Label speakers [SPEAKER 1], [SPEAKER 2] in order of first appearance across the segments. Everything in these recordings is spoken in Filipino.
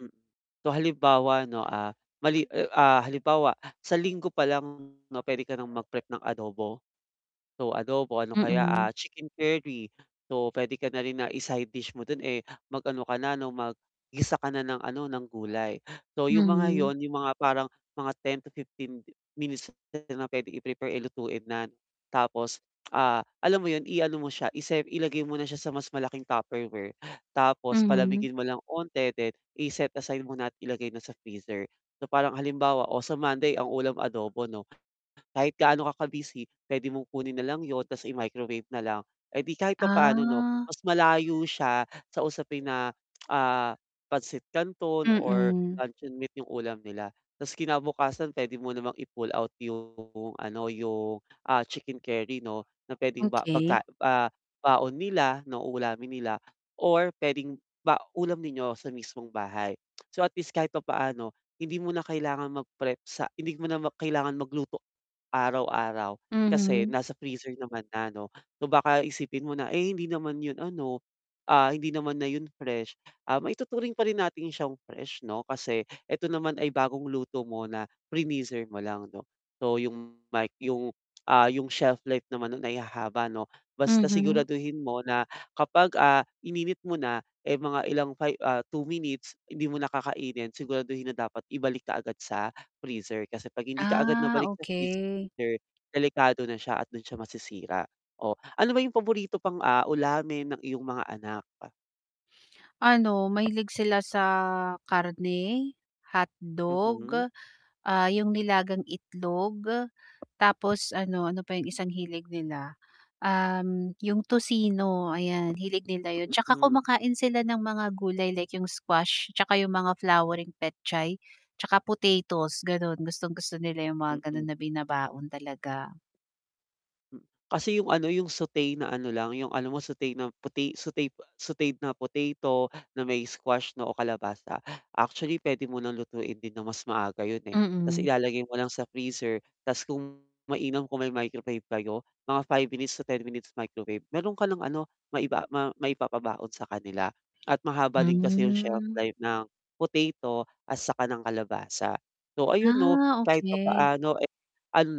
[SPEAKER 1] Mm. So, halimbawa 'no, ah, mali, ah, halimbawa sa linggo pa lang 'no puwede ka nang mag-prep ng adobo. So, adobo, ano kaya,
[SPEAKER 2] Mm.
[SPEAKER 1] ah, chicken curry. So, puwede ka na rin na i-side dish mo do'n, eh, mag-ano ka na ano, maggisa ka na ng ano, ng gulay. So, yung mga
[SPEAKER 2] Mhm.
[SPEAKER 1] yun yung mga parang mga 10 to 15 minutes na puwede i-prepare, eh, lutuin na 'no. Tapos, ah, alam mo yun, iano mo siya, isep ilagay mo na siya sa mas malaking Tupperware tapos
[SPEAKER 2] Mhm.
[SPEAKER 1] palamigin mo lang 'onti then i-set aside mo na at ilagay na sa freezer. So, parang halimbawa, oh, sa Monday ang ulam adobo 'no. Kahit gaano ka ka-busy, puwede mong kunin na lang yun tapos i microwave na lang. Eh, di kahit papaano 'no
[SPEAKER 2] Ah.
[SPEAKER 1] mas malayo siya sa usapin na, ah, pansit canton or
[SPEAKER 2] Mm.
[SPEAKER 1] luncheon meat yung ulam nila. Tapos kinabukasan puwede mo namang i-pull out yung ano, yung, ah, chicken curry 'no na puwedeng ba
[SPEAKER 2] Okey.
[SPEAKER 1] pagka, ah, baon nila, ng ulamin nila or puwedeng ba ulam ninyo sa mismong bahay. So, at least kahit papaano hindi mo na kailangan magprep sa hindi mo na kailangan magluto araw-araw kasi
[SPEAKER 2] Mhm.
[SPEAKER 1] nasa freezer naman na 'no. So, baka isipin mo na, eh, hindi naman yun ano, ah, hindi naman na yun fresh. Ah, maituturing pa rin natin siyang fresh 'no kasi 'eto naman ay bagong luto mo na finreezer mo lang 'no. So, yung mic yung, ah, yung shelf life naman nun ay hahaba 'no basta
[SPEAKER 2] Mhm.
[SPEAKER 1] siguraduhin mo na kapag, ah, ininit mo na, eh, mga ilang fi ah, 2 minutes hindi mo na kakainin siguraduhin na dapat ibalik kaagad sa freezer. Kasi 'pag hindi ka agad
[SPEAKER 2] Ah,
[SPEAKER 1] nabalik sa
[SPEAKER 2] okey.
[SPEAKER 1] freezer, delikado na siya at dun siya masisira. Oh, ano ba yung paborito pang, ah, ulamin ng iyong mga anak? Ah
[SPEAKER 2] Ano, mahilig sila sa karne,
[SPEAKER 1] Mhm.
[SPEAKER 2] hotdog, ah, yung nilagang itlog, tapos ano, ano pa yung isang hilig nila? Um, yung tocino ayan, hilig nila yun. Tsaka
[SPEAKER 1] Mhm.
[SPEAKER 2] kumakain sila ng mga gulay like yung squash tsaka yung mga flowering petchay tsaka potatoes, ganun. Gustong-gusto nila yung mga ganun
[SPEAKER 1] Mm.
[SPEAKER 2] na binabaon talaga.
[SPEAKER 1] Hmm. Kasi yung ano, yung sauté na ano lang, yung ano alam mo sauté na pota sauté sautéd na potato na may squash na o kalabasa. Actually puwede mo ng lutuin din na mas maaga yun, eh,
[SPEAKER 2] Mm.
[SPEAKER 1] ta's ilalagay mo lang sa freezer ta's kung mainam kung may microwave kayo mga 5 minutes to 10 minutes microwave meron ka ng ano, maipa maipapabaon sa kanila at mahaba din kasi yung shelf
[SPEAKER 2] Hmm.
[SPEAKER 1] life ng potato at saka ng kalabasa. So, ayun 'no
[SPEAKER 2] Ah
[SPEAKER 1] kahit
[SPEAKER 2] okey.
[SPEAKER 1] papaano, eh, ano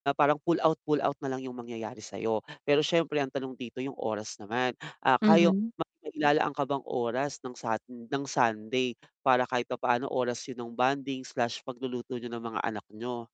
[SPEAKER 1] na parang pull out, pull out na lang yung mangyayari sa'yo. Pero siyempre ang tanong dito yung oras naman. Ah, kaya
[SPEAKER 2] Mhm.
[SPEAKER 1] mailalaan ka bang oras ng Sun ng Sunday para kahit papaano oras yun ng bonding/pagluluto niyo ng mga anak niyo.